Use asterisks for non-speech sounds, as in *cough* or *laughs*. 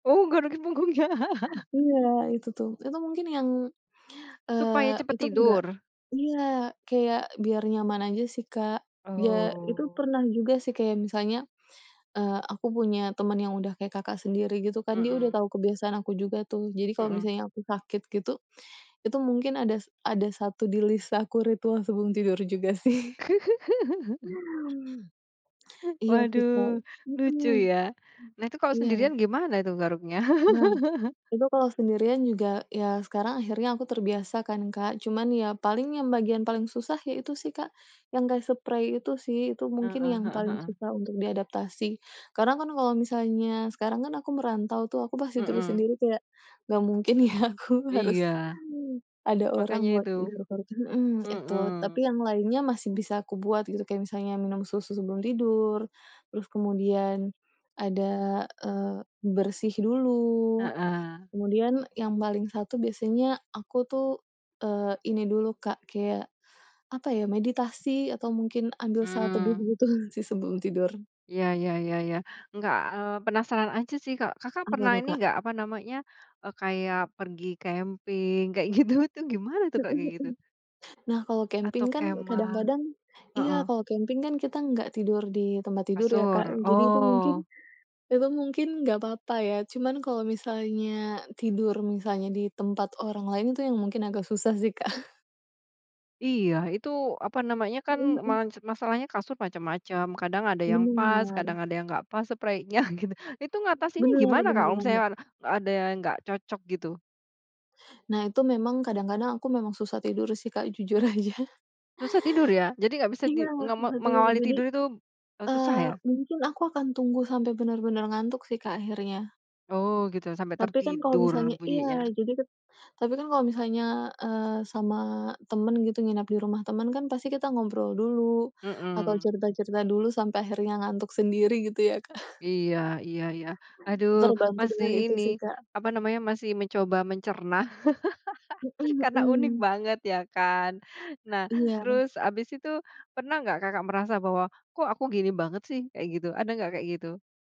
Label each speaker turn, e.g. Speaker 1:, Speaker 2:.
Speaker 1: Oh, garukin punggungnya. *chuckles*
Speaker 2: Iya, itu tuh. Itu mungkin yang,
Speaker 1: Supaya
Speaker 2: eee,
Speaker 1: cepat
Speaker 2: itu nggak
Speaker 1: tidur?
Speaker 2: iya, kayak biar nyaman aja sih, Kak. Ya itu
Speaker 1: Oh.
Speaker 2: pernah juga sih kayak misalnya, eee, aku punya teman yang udah kayak Kakak sendiri gitu kan, dia udah
Speaker 1: Mhm.
Speaker 2: tahu kebiasaan aku juga tuh. Jadi kalau
Speaker 1: Mhm.
Speaker 2: misalnya aku sakit gitu, itu mungkin ada ada satu di list aku ritual sebelum tidur juga sih. *chuckles*
Speaker 1: *chuckles*
Speaker 2: iya sih Kak.
Speaker 1: Waduh,
Speaker 2: Mhm.
Speaker 1: lucu
Speaker 2: Mmm.
Speaker 1: ya. Nah itu kalau
Speaker 2: Iya.
Speaker 1: sendirian gimana itu garuknya?
Speaker 2: Nah.
Speaker 1: *chuckles*
Speaker 2: Itu kalau sendirian juga, ya sekarang akhirnya aku terbiasa kan, Kak. Cuma ya, paling yang bagian paling susah, ya itu sih, Kak. Yang kayak seprei itu sih, itu
Speaker 1: Heeh
Speaker 2: mungkin yang
Speaker 1: heeh
Speaker 2: paling
Speaker 1: heeh.
Speaker 2: susah untuk diadaptasi. Karena kan kalau misalnya, sekarang kan aku merantau tuh, aku pasti tidur
Speaker 1: Mhm.
Speaker 2: sendiri kayak, nggak mungkin ya aku harus,
Speaker 1: Iya.
Speaker 2: ada orang
Speaker 1: Makannya
Speaker 2: buat
Speaker 1: itu.
Speaker 2: garuk-garuk mhm, itu.
Speaker 1: Mhm.
Speaker 2: Tapi yang lainnya masih bisa kubuat gitu, kayak misalnya minum susu sebelum tidur, terus kemudian, ada, eee, bersih dulu,
Speaker 1: Heeh.
Speaker 2: kemudian yang paling satu biasanya, aku tuh, eee, ini dulu Kak, kayak apa ya, meditasi atau mungkin ambil saat teduh,
Speaker 1: Mmm.
Speaker 2: begitu *laughs* sih sebelum tidur.
Speaker 1: Iya iya iya iya. Enggak, eee, penasaran aja sih, Kak. Kakak
Speaker 2: Apa
Speaker 1: pernah
Speaker 2: tuh
Speaker 1: ini
Speaker 2: Kak?
Speaker 1: enggak, apa namanya, eee, kayak pergi camping, kayak gitu-gitu, gimana tuh
Speaker 2: Mhm
Speaker 1: Kak kayak
Speaker 2: mhm.
Speaker 1: gitu?
Speaker 2: Nah, kalau
Speaker 1: Atau
Speaker 2: camping kan
Speaker 1: kemah.
Speaker 2: kadang-kadang iya,
Speaker 1: Heeh.
Speaker 2: kalau camping kan kita tidak tidur di tempat tidur ya Kak,
Speaker 1: Kasur.
Speaker 2: jadi itu mungkin
Speaker 1: Oh.
Speaker 2: emang mungkin tidak apa-apa ya, cuma kalau misalnya tidur, misalnya di tempat orang lain itu yang mungkin agak susah sih Kak. *chuckles*
Speaker 1: Iya, itu apa namanya, kan
Speaker 2: Mhm mhm.
Speaker 1: man masalahnya kasur macam-macam. Kadang ada yang pas,
Speaker 2: Benar.
Speaker 1: kadang ada yang nggak pas sepreinya *chuckles* gitu. Itu
Speaker 2: Mhm.
Speaker 1: ngatasinnya
Speaker 2: Benar
Speaker 1: gimana Kak
Speaker 2: benar
Speaker 1: kalau misalnya,
Speaker 2: banget.
Speaker 1: ada yang nggak cocok gitu?
Speaker 2: Nah, itu memang kadang-kadang aku memang susah tidur sih Kak jujur aja. *chuckles*
Speaker 1: Susah tidur ya. Jadi nggak bisa
Speaker 2: Iya,
Speaker 1: di nggak mau
Speaker 2: susah tidur
Speaker 1: mengawali
Speaker 2: jadi,
Speaker 1: tidur itu, eee, susah
Speaker 2: eee,
Speaker 1: ya?
Speaker 2: mungkin aku akan tunggu sampai benar-benar ngantuk sih Kak akhirnya.
Speaker 1: Oh gitu, sampai
Speaker 2: Tapi kan kalau
Speaker 1: tertidur
Speaker 2: misalnya iya.
Speaker 1: bunyinya.
Speaker 2: Jadi ket tapi kan kalau misalnya, eee, sama temen gitu nginep di rumah, temen kan pasti kita ngobrol dulu, atau
Speaker 1: Mhm.
Speaker 2: cerita-cerita dulu sampai akhirnya ngantuk sendiri gitu ya Kak. *chuckles*
Speaker 1: Iya, iya iya. Aduh,
Speaker 2: Terbantu
Speaker 1: masih
Speaker 2: dengan itu
Speaker 1: ini,
Speaker 2: sih Kak.
Speaker 1: apa namanya masih mencoba mencerna. *chuckles*
Speaker 2: Mhm
Speaker 1: Karena unik
Speaker 2: mhm.
Speaker 1: banget iya kan. Nah,
Speaker 2: Iya.
Speaker 1: terus habis itu, pernah enggak Kakak merasa bahwa, "Kok aku gini banget sih," kayak gitu. Ada enggak kayak gitu?